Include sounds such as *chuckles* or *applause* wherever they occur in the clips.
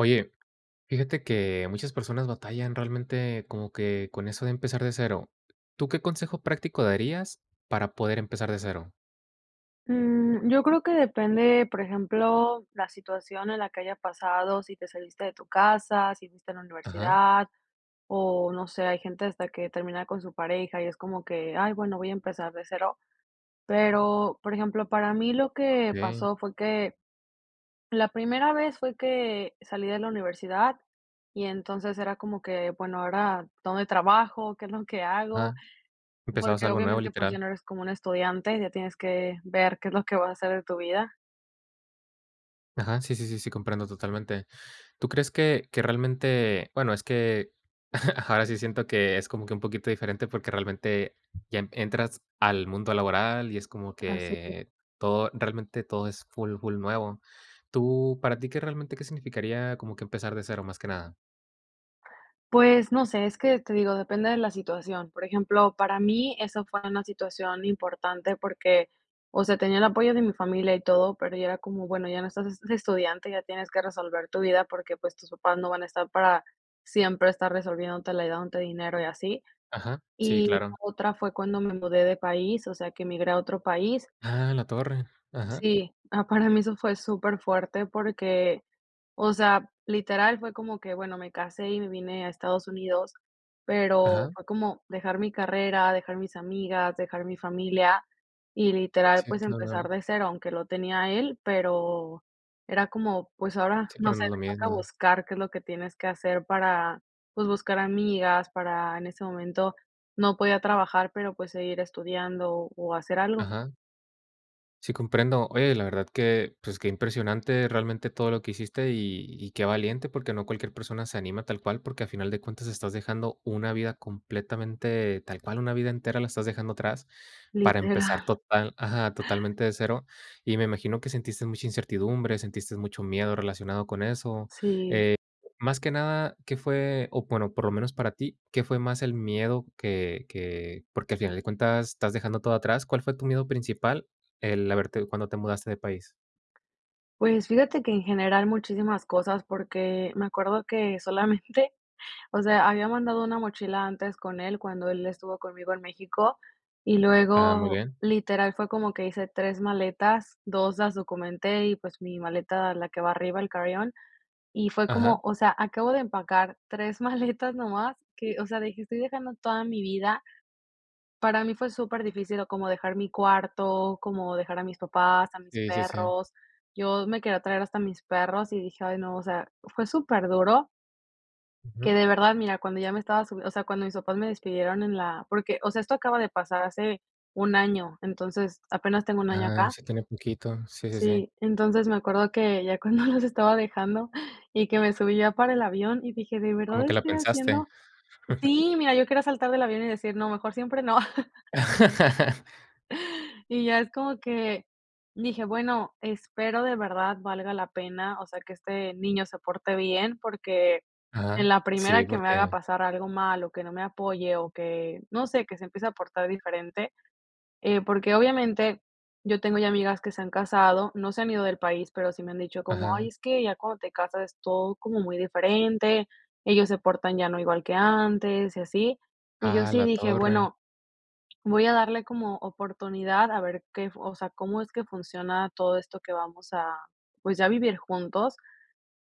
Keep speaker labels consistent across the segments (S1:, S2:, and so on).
S1: Oye, fíjate que muchas personas batallan realmente como que con eso de empezar de cero, ¿tú qué consejo práctico darías para poder empezar de cero?
S2: Mm, yo creo que depende, por ejemplo, la situación en la que haya pasado, si te saliste de tu casa, si fuiste a la
S1: Ajá.
S2: universidad o no sé, hay gente hasta que termina con su pareja y es como que: "Ay, bueno, voy a empezar de cero". Pero, por ejemplo, para mí lo
S1: Ah,
S2: que
S1: okey.
S2: pasó fue que la primera vez fue que salí de la universidad y, entonces, era como que: "Bueno, ahora ¿dónde trabajo?, ¿qué es lo que hago?"
S1: Ajá. Empezabas
S2: Porque
S1: algo nuevo,
S2: obviamente, pues, ya
S1: literal.
S2: no eres como una estudiante, ya tienes que ver qué es lo que va a ser de tu vida.
S1: Ajá, sí, sí, sí, sí, comprendo totalmente. ¿Tú crees que que realmente?, bueno, es que *chuckles* ahora sí siento que es como que un poquito diferente porque realmente, ya entras al mundo laboral y es como
S2: Así.
S1: que todo realmente todo es full, full nuevo, ¿tú para ti qué realmente, qué significaría como que empezar de cero, más que nada?
S2: Pues, no sé, es que, te digo, depende de la situación. Por ejemplo, para mí eso fue una situación importante porque, o sea, tenía el apoyo de mi familia y todo, pero ya era como, bueno, ya no estás de de estudiante, ya tienes que resolver tu vida porque, pues, tus papás no van a estar para siempre estar resolviéndotela, y dándote dinero y así.
S1: Ajá. Sí,
S2: Y la
S1: claro.
S2: otra fue cuando me mudé de país, o sea, que migré a otro país.
S1: ¡Ah, a la torre! Ajá.
S2: Sí. Ah, para mí eso fue súper fuerte porque, o sea, literal fue como que, bueno, me casé y me vine a Estados Unidos, pero
S1: Ajá.
S2: fue como dejar mi carrera, dejar mis amigas, dejar mi familia, y literal,
S1: Sí,
S2: pues empezar
S1: *unintelligible*
S2: de cero, aunque lo tenía a él, pero era como, pues ahora,
S1: Si,
S2: no
S1: pero
S2: sé,
S1: no es lo
S2: me toca
S1: mismo.
S2: buscar qué es lo que tienes que hacer para, pues buscar amigas, para en ese momento no podía trabajar, pero, pues seguir estudiando, o hacer algo.
S1: Ajá. Sí, comprendo. Oye, la verdad que, pues, qué impresionante realmente todo lo que hiciste, y y qué valiente, porque no cualquier persona se anima tal cual, porque al final de cuentas estás dejando una vida completamente, tal cual una vida entera la estás dejando atrás para empezar
S2: Literal.
S1: total ajá, totalmente de cero. Y me imagino que sentiste mucha incertidumbre, sentiste mucho miedo relacionado con eso.
S2: Sí.
S1: Eh, más que nada, ¿qué fue? O bueno, por lo menos para ti, ¿qué fue más el miedo? Que que porque al final de cuentas, estás dejando todo atrás. ¿Cuál fue tu miedo principal el haberte cuando te mudaste de país?
S2: Pues fíjate que en general muchísimas cosas porque, me acuerdo que solamente, o sea, había mandado una mochila antes con él cuando él estuvo conmigo en México, y
S1: Ah. Muy
S2: luego,
S1: bien.
S2: literal, fue como que hice 3 maletas, 2 las documenté, y pues, mi maleta, la que va arriba, el carry-on, y fue
S1: Ajá.
S2: como, o sea, acabo de empacar 3 maletas nomás que, o sea, dije: "Estoy dejando toda mi vida." Para mí fue súper difícil, o como dejar mi cuarto, como dejar a mis papás, a mis
S1: Sí, sí, sí.
S2: perros. Yo me quería traer hasta mis perros y dije: "Ay no." O sea, fue súper duro
S1: Ujú.
S2: que de verdad mira cuando ya me estaba su o sea cuando mis papás me despidieron en la porque o sea esto acaba de pasar hace, 1 año, entonces, apenas tengo 1 año
S1: Ah,
S2: acá.
S1: sí tiene poquito. Sí, sí, sí.
S2: Sí, entonces, me acuerdo que, ya cuando los estaba dejando, y que me subí ya para el avión y dije: "¿De
S1: Como
S2: verdad
S1: que la
S2: estoy
S1: pensaste.
S2: haciendo?"
S1: *chuckles*
S2: Sí, mira, yo quiero saltar del avión y decir: "No, mejor siempre no." *laughs*
S1: *laughs*
S2: Y ya es como que, dije: "Bueno, espero de verdad valga la pena." O sea, que este, niño se porte bien, porque en
S1: Ajá.
S2: la
S1: Sí,
S2: primera que me haga
S1: porque
S2: pasar algo malo, o que no me apoye, o que, no sé, que se empiece a aportar diferente. Eh, porque obviamente, yo tengo ya amigas que se han casado, no se han ido del país, pero sí me han dicho como: "Ay
S1: Ajá.
S2: es que ya cuando te casas es todo como muy diferente, ellos se portan ya no igual que antes." Y así. Y yo
S1: Ah, a
S2: sí
S1: la
S2: dije:
S1: torre.
S2: "Bueno, voy a darle como oportunidad a ver qué o sea, cómo es que funciona todo esto que vamos a, pues, a vivir juntos."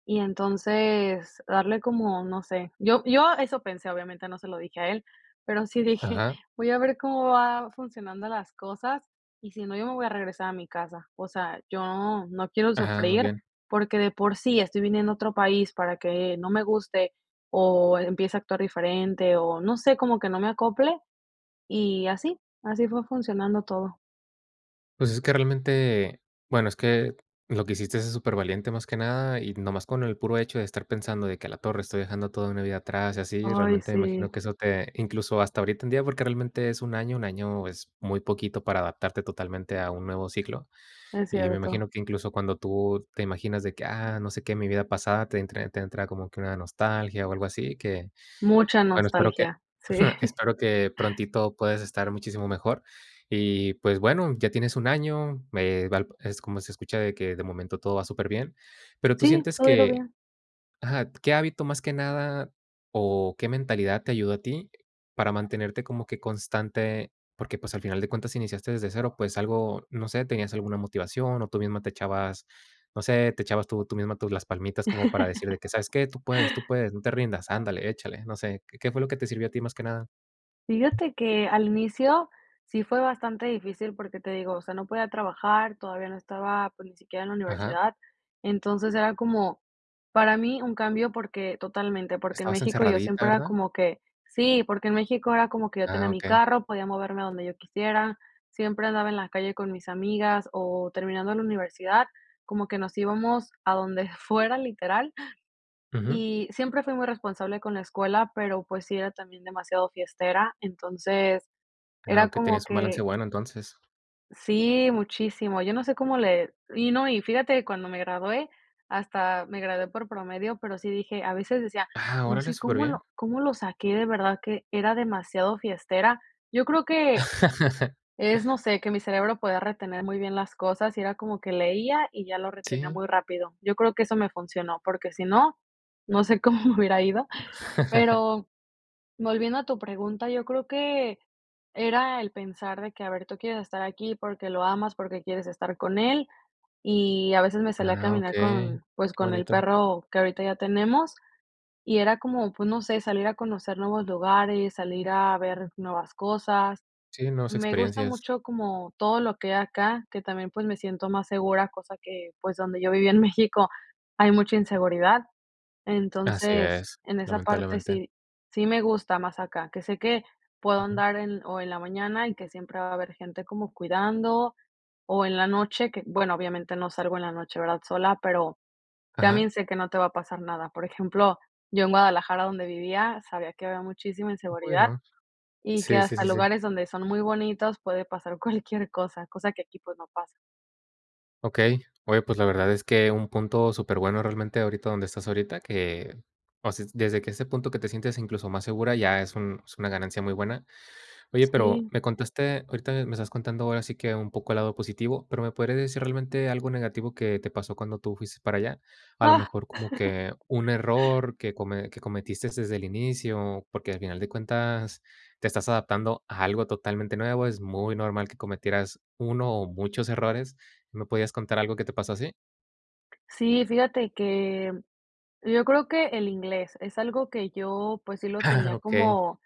S2: Y entonces darle como, no sé, yo yo eso pensé, obviamente no se lo dije a él, pero sí dije:
S1: Ajá.
S2: "Voy a ver cómo va funcionando las cosas, y si no, yo me voy a regresar a mi casa." O sea, yo no quiero
S1: Ajá, muy
S2: sufrir
S1: bien.
S2: porque de por sí estoy viniendo a otro país para que no me guste, o empiece a actuar diferente, o no sé, como que no me acople, y así, así fue funcionando todo.
S1: Pues, es que, realmente, eh, bueno, es que lo que hiciste es súper valiente, más que nada. Y nomás con el puro hecho de estar pensando de que: "A la torre, estoy dejando toda una vida atrás y así", y
S2: Ay,
S1: realmente me
S2: sí.
S1: imagino que eso te incluso hasta ahorita en día, porque realmente es un año, un año es muy poquito para adaptarte totalmente a un nuevo ciclo.
S2: Es
S1: Y me
S2: cierto.
S1: imagino que incluso cuando tú te imaginas de que: "Ah, no sé qué, mi vida pasada", te entra te entra como que una nostalgia o algo así que,
S2: Mucha
S1: bueno, espero que
S2: nostalgia, sí.
S1: *chuckles* espero que prontito puedas estar muchísimo mejor. Y, pues, bueno, ya tienes un año, me valp es como se escucha de que, de momento, todo va súper bien. Pero tú
S2: Sí,
S1: sientes
S2: todo ha ido
S1: que
S2: bien.
S1: ajá, ¿qué hábito más que nada o qué mentalidad te ayudó a ti para mantenerte como que constante? Porque, pues, al final de cuentas iniciaste desde cero, pues, algo, no sé, ¿tenías alguna motivación o tú misma te echabas, no sé, te echabas tú tú misma tus, las palmitas como para decir de que, sabes
S2: *laughs*
S1: qué? "Tú puedes, tú puedes, no te rindas, ándale, échale". No sé, ¿qué qué fue lo que te sirvió a ti más que nada?
S2: Fíjate que al inicio sí fue bastante difícil porque, te digo, o sea, no podía trabajar, todavía no estaba, pues, ni siquiera en la
S1: Ajá.
S2: universidad. Entonces era como para mí un cambio porque totalmente, porque en
S1: Estabas
S2: México yo
S1: encerradita,
S2: siempre era
S1: ¿verdad?
S2: como que sí, porque en México era como que yo
S1: Ah,
S2: tenía mi
S1: okey.
S2: carro, podía moverme a donde yo quisiera, siempre andaba en la calle con mis amigas o terminando la universidad, como que nos íbamos a donde fuera, literal.
S1: Ujú.
S2: Y siempre fui muy responsable con la escuela, pero, pues, sí era también demasiado fiestera. Entonces,
S1: Ah,
S2: era
S1: okey,
S2: como
S1: tenías un balance
S2: que
S1: bueno, entonces.
S2: Sí, muchísimo. Yo no sé cómo le y no, y fíjate que cuando me gradué, hasta me gradué por promedio, pero sí dije, a veces decía,
S1: Ah.
S2: no
S1: Órale,
S2: sé
S1: súper
S2: cómo
S1: bien.
S2: lo cómo lo saqué, de verdad que era demasiado fiestera. Yo creo que,
S1: *laughs*
S2: es no sé, que mi cerebro podía retener muy bien las cosas, y era como que leía y ya lo retenía
S1: Sí.
S2: muy rápido. Yo creo que eso me funcionó, porque si no, no sé cómo me hubiera ido.
S1: *laughs*
S2: Pero volviendo a tu pregunta, yo creo que era el pensar de que, a ver, tú quieres estar aquí porque lo amas, porque quieres estar con él. Y a veces me salía a
S1: Ah,
S2: caminar
S1: okey,
S2: con, pues,
S1: qué
S2: con el
S1: bonito.
S2: perro que ahorita ya tenemos, y era como, pues, no sé, salir a conocer nuevos lugares, salir a ver nuevas cosas.
S1: Sí, nuevas
S2: Me gusta
S1: experiencias.
S2: mucho como todo lo que hay acá, que también, pues, me siento más segura, cosa que, pues, donde yo vivía en México, hay mucha inseguridad.
S1: Así
S2: Entonces,
S1: es,
S2: en esa parte
S1: lamentablemente.
S2: sí sí me gusta más acá, que sé que puedo
S1: Ujú.
S2: andar en o en la mañana y que siempre va a haber gente como cuidando, o en la noche que, bueno, obviamente no salgo en la noche, ¿verdad?, sola, pero
S1: Ajá.
S2: también sé que no te va a pasar nada. Por ejemplo, yo en Guadalajara donde vivía sabía que había muchísima inseguridad
S1: Bueno.
S2: y que
S1: Sí, sí,
S2: hasta
S1: sí, sí.
S2: lugares donde son muy bonitos puede pasar cualquier cosa, cosa que aquí, pues, no pasa.
S1: Okey. Oye, pues, la verdad es que un punto superbueno realmente ahorita donde estás ahorita, que, o sea, desde que ese punto que te sientas incluso más segura, ya es un es una ganancia muy buena. Oye, pero
S2: Sí.
S1: me contaste ahorita me estás contando ahora sí que un poco el lado positivo, pero, ¿me podría decir realmente algo negativo que te pasó cuando tú fuiste para allá?, a lo mejor como
S2: *laughs*
S1: que un error que come que cometiste desde el inicio, porque al final de cuentas te estás adaptando a algo totalmente nuevo, es muy normal que cometieras uno o muchos errores, ¿me podías contar algo que te pasó así?
S2: Sí, fíjate que yo creo que el inglés es algo que yo, pues, sí lo
S1: Ah,
S2: tenía
S1: okey.
S2: como,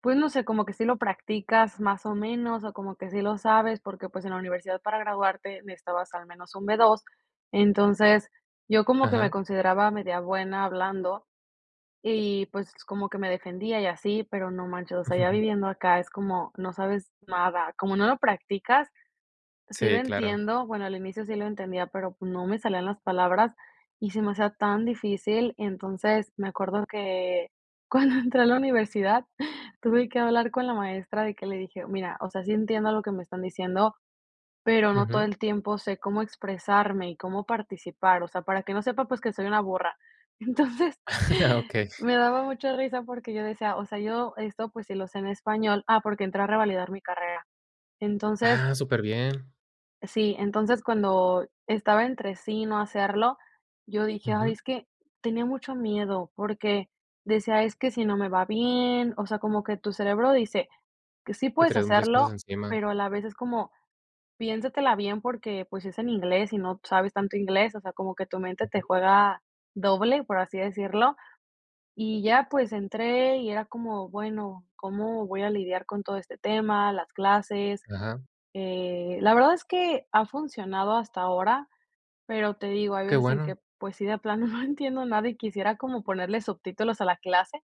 S2: pues, no sé, como que sí lo practicas más o menos, o como que sí lo sabes, porque, pues, en la universidad para graduarte necesitabas al menos un B2. Entonces, yo como que me
S1: Ajá.
S2: consideraba media buena hablando y, pues, como que me defendía y así, pero no manches, o sea, ya
S1: Ujú.
S2: viviendo acá es como, no sabes nada, como no lo practicas, sí lo
S1: Sí, claro.
S2: entiendo, bueno, al inicio sí lo entendía, pero, pues, no me salían las palabras y se me hacía tan difícil. Entonces, me acuerdo que cuando entré a la universidad tuve que hablar con la maestra de que le dije: "Mira, o sea, sí entiendo lo que me están diciendo, pero no todo
S1: Ujú.
S2: el tiempo sé cómo expresarme y cómo participar," o sea, para que no sepa, pues, que soy una burra. Entonces,
S1: *laughs* Okey.
S2: me daba mucha risa porque yo decía, o sea, yo esto, pues, si lo sé en español, ah, porque entré a revalidar mi carrera. Entonces.
S1: Ah, superbién.
S2: Sí, entonces, cuando estaba entre sí y no hacerlo, yo dije, ay
S1: Ujú.
S2: es que tenía mucho miedo porque decía: "Es que sí no me va bien", o sea, como que tu cerebro dice que sí
S1: Que
S2: puedes
S1: traías muchas cosas
S2: hacerlo,
S1: encima.
S2: pero a la vez es como: "Piénsatela bien porque pues es en inglés y no sabes tanto inglés", o sea, como que tu mente te
S1: Ujú.
S2: juega doble, por así decirlo. Y ya pues entré y era como, bueno, ¿cómo voy a lidiar con todo este tema, las clases?
S1: Ajá.
S2: Eh, la verdad es que ha funcionado hasta ahora, pero te digo, hay
S1: Qué
S2: veces en que,
S1: bueno.
S2: pues sí, de plano no entiendo nada y quisiera como ponerle subtítulos a la clase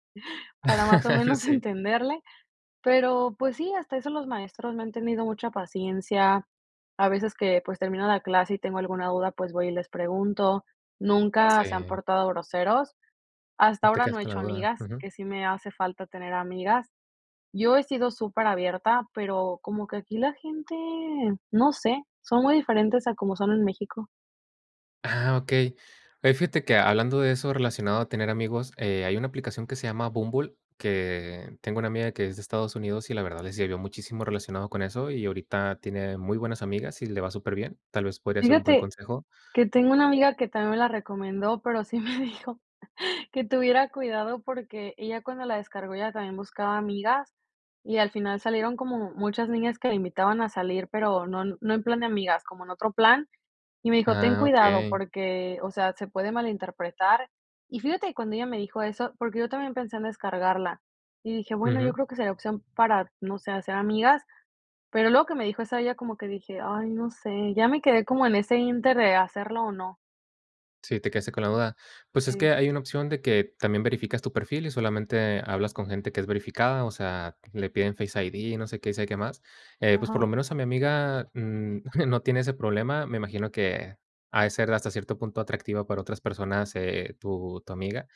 S2: para más o
S1: *laughs*
S2: menos
S1: Sí.
S2: entenderle. Pero, pues sí, hasta eso los maestros me han tenido mucha paciencia. A veces que, pues, termina la clase y tengo alguna duda, pues, voy y les pregunto. Nunca se han
S1: Sí.
S2: portado groseros. Hasta
S1: No te
S2: ahora
S1: quedas
S2: no he
S1: con la
S2: hecho
S1: duda,
S2: amigas,
S1: ujú.
S2: que sí me hace falta tener amigas. Yo he sido súper abierta, pero como que aquí la gente, no sé, son muy diferentes a como son en México.
S1: Ah, okey. Oye, fíjate que hablando de eso relacionado a tener amigos, eh, hay una aplicación que se llama Bumble, que tengo una amiga que es de Estados Unidos y la verdad les ayudó muchísimo relacionado con eso y ahorita tiene muy buenas amigas y le va superbién. Tal vez podría ser un buen
S2: Fíjate
S1: consejo.
S2: que tengo una amiga que también me la recomendó, pero sí me dijo que tuviera cuidado porque ella cuando la descargó ella también buscaba amigas y al final salieron como muchas niñas que la invitaban a salir, pero no no en plan de amigas, como en otro plan y me dijo ten
S1: Ah,
S2: cuidado
S1: okey.
S2: porque, o sea, se puede malinterpretar y fíjate cuando ella me dijo eso porque yo también pensé en descargarla y dije: "Bueno, yo
S1: Ujú.
S2: creo que sería opción para, no sé, hacer amigas", pero luego que me dijo eso ella como que dije: "Ay no sé", ya me quedé como en ese inter de hacerlo o no.
S1: Sí, te quedaste con la duda. Pues es
S2: Sí.
S1: que hay una opción de que también verificas tu perfil y solamente hablas con gente que es verificada, o sea, le piden Face ID, no sé qué, y sabe qué más. Eh, pues, por
S2: Ajá.
S1: lo menos a mi amiga, mm, *chuckles* no tiene ese problema, me imagino que ha de ser hasta cierto punto atractiva para otras personas, eh, tu tu amiga,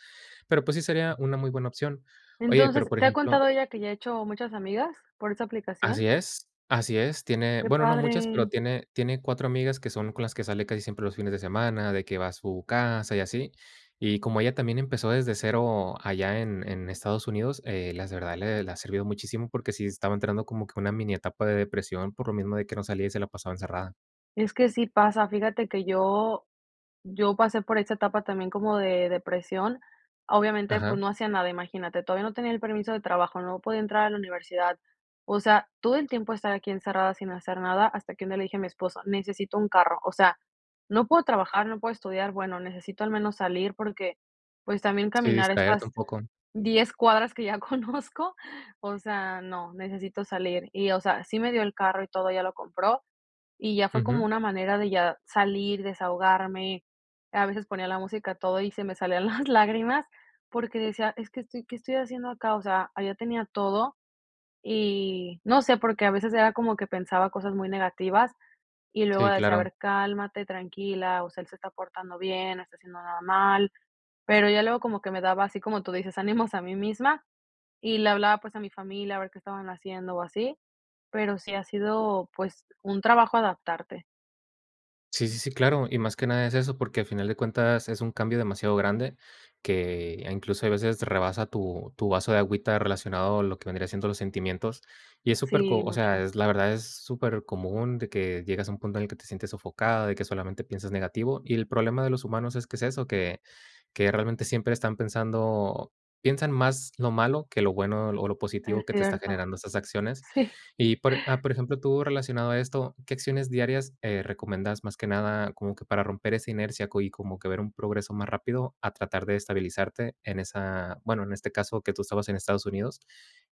S1: pero, pues, sí sería una muy buena opción. Oye, pero,
S2: Entonces,
S1: por
S2: ¿te ha
S1: ejemplo
S2: contado ella que ya ha hecho muchas amigas por esa
S1: Así
S2: aplicación?
S1: es, así es. Tiene,
S2: Qué
S1: bueno, no muchas, pero
S2: padre.
S1: tiene tiene 4 amigas que son con las que sale casi siempre los fines de semana, de que va a su casa y así. Y como ella también empezó desde cero allá en en Estados Unidos, eh, las de verdad le le ha servido muchísimo, porque sí estaba entrando como que una mini etapa de depresión por lo mismo de que no salía y se la pasaba encerrada.
S2: Es que sí pasa, fíjate que yo, yo pasé por esta etapa también como de depresión. Obviamente, pues,
S1: Ajá.
S2: no hacía nada, imagínate, todavía no tenía el permiso de trabajo, no podía entrar a la universidad, o sea, todo el tiempo estar aquí encerrada sin hacer nada, hasta que un día le dije a mi esposo, necesito un carro, o sea, no puedo trabajar, no puedo estudiar, bueno, necesito al menos salir porque, pues, también
S1: Sí,
S2: caminar
S1: distraerte un
S2: estas
S1: poco.
S2: 10 cuadras que ya conozco, o sea, no, necesito salir. Y, o sea, sí me dio el carro y todo, ya lo compró, y ya fue como
S1: Ujú.
S2: una manera de ya salir, desahogarme. A veces ponía la música a todo, y se me salían las lágrimas, porque decía: "Es que estoy ¿qué estoy haciendo acá?", o sea, allá tenía todo, y no sé, porque a veces era como que pensaba cosas muy negativas, y luego
S1: Sí,
S2: decía: "A
S1: claro.
S2: ver, cálmate, tranquila, o sea, él se está portando bien, no está haciendo nada mal", pero ya luego como que me daba así, como tú dices, ánimos a mí misma y le hablaba, pues, a mi familia a ver qué estaban haciendo o así, pero sí ha sido, pues, un trabajo adaptarte.
S1: Sí, sí, sí, claro. Y más que nada es eso, porque al final de cuentas es un cambio demasiado grande que, incluso, hay veces rebasa tu tu vaso de agüita relacionado a lo que vendría siendo los sentimientos, y es
S2: Sí,
S1: superco, o sea,
S2: mucho.
S1: es la verdad, es supercomún de que llegas a un punto en el que te sientes sofocada, de que solamente piensas negativo. Y el problema de los humanos es que es eso, que que realmente siempre están pensando piensan más lo malo que lo bueno o lo
S2: Es
S1: positivo que te está
S2: cierto.
S1: generando esas acciones.
S2: Sí.
S1: Y por e a por ejemplo, tú relacionado a esto, ¿qué acciones diarias, eh, recomiendas, más que nada, como que para romper esa inercia co y como que ver un progreso más rápido a tratar de estabilizarte en esa, bueno, en este caso que tú estabas en Estados Unidos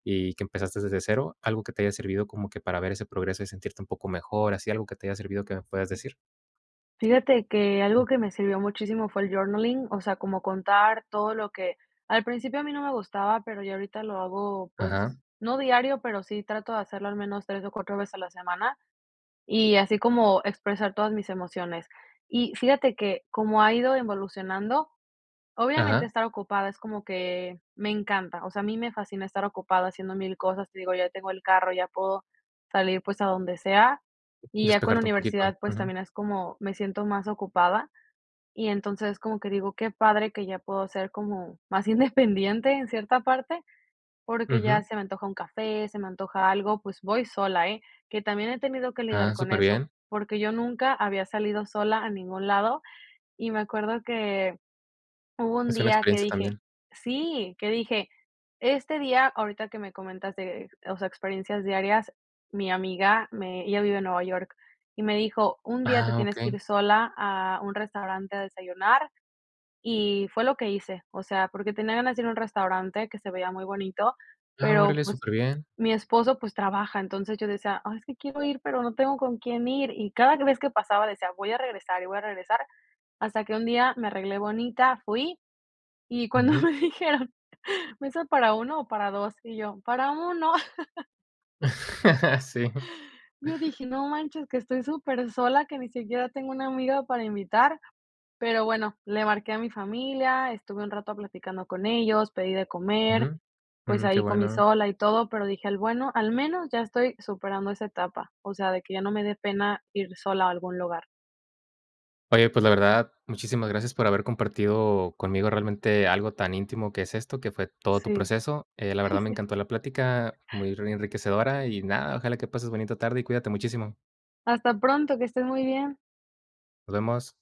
S1: y que empezaste desde cero? ¿Algo que te haya servido como que para ver ese progreso y sentirte un poco mejor, así algo que te haya servido que me puedas decir?
S2: Fíjate que algo que me sirvió muchísimo fue el journaling, o sea, como contar todo lo que al principio a mí no me gustaba, pero ya ahorita lo hago, pues,
S1: Ajá.
S2: no diario, pero sí trato de hacerlo al menos 3 o 4 veces a la semana, y así como expresar todas mis emociones. Y fíjate que como ha ido evolucionando, obviamente
S1: Ajá.
S2: estar ocupada es como que me encanta. O sea, a mí me fascina estar ocupada haciendo mil cosas, te digo, ya tengo el carro, ya puedo salir, pues, a donde sea, y ya con la
S1: Despejarte un poquito.
S2: universidad, pues,
S1: Ujú.
S2: también es como, me siento más ocupada, y entonces, como que digo: "Qué padre que ya puedo ser como más independiente en cierta parte", porque
S1: Ujú.
S2: ya se me antoja un café, se me antoja algo, pues voy sola, ¿eh?, que también he tenido que lidiar
S1: Ah,
S2: con eso,
S1: superbién.
S2: porque yo nunca había salido sola a ningún lado, y me acuerdo que hubo un
S1: Es una
S2: día que
S1: experiencia
S2: dije
S1: también.
S2: sí, que dije este día, ahorita que me comentaste, o sea, experiencias diarias, mi amiga me ella vive en Nueva York y me dijo: "Un día te
S1: Ah,
S2: tienes que
S1: okey.
S2: ir sola a un restaurante a desayunar" y fue lo que hice. O sea, porque tenía ganas de ir a un restaurante que se veía muy bonito,
S1: Ah,
S2: pero,
S1: órale,
S2: pues,
S1: superbién.
S2: mi esposo, pues, trabaja. Entonces, yo decía: "Ah, es que quiero ir, pero no tengo con quién ir", y cada vez que pasaba decía: "Voy a regresar y voy a regresar", hasta que un día me arreglé bonita, fui, y cuando
S1: Ujú.
S2: me dijeron: "¿Mesa para uno o para dos?" Y yo: "Para 1".
S1: *chuckles* Sí.
S2: *laughs* Yo dije, no manches, que estoy supersola, que ni siquiera tengo una amiga para invitar, pero bueno, le marqué a mi familia, estuve un rato platicando con ellos, pedí de comer,
S1: Ujú,
S2: pues
S1: mm, qué
S2: ahí comí
S1: bueno.
S2: sola y todo, pero dije al bueno al menos ya estoy superando esa etapa, o sea, de que ya no me de pena ir sola a algún lugar.
S1: Oye, pues, la verdad, muchísimas gracias por haber compartido conmigo realmente algo tan íntimo que es esto, que fue todo tu
S2: Sí.
S1: proceso. Eh, la verdad, me
S2: *chuckles*
S1: encantó la plática, muy ri enriquecedora y, nada, ojalá que pases bonita tarde y cuídate muchísimo.
S2: Hasta pronto, que estés muy bien.
S1: Nos vemos.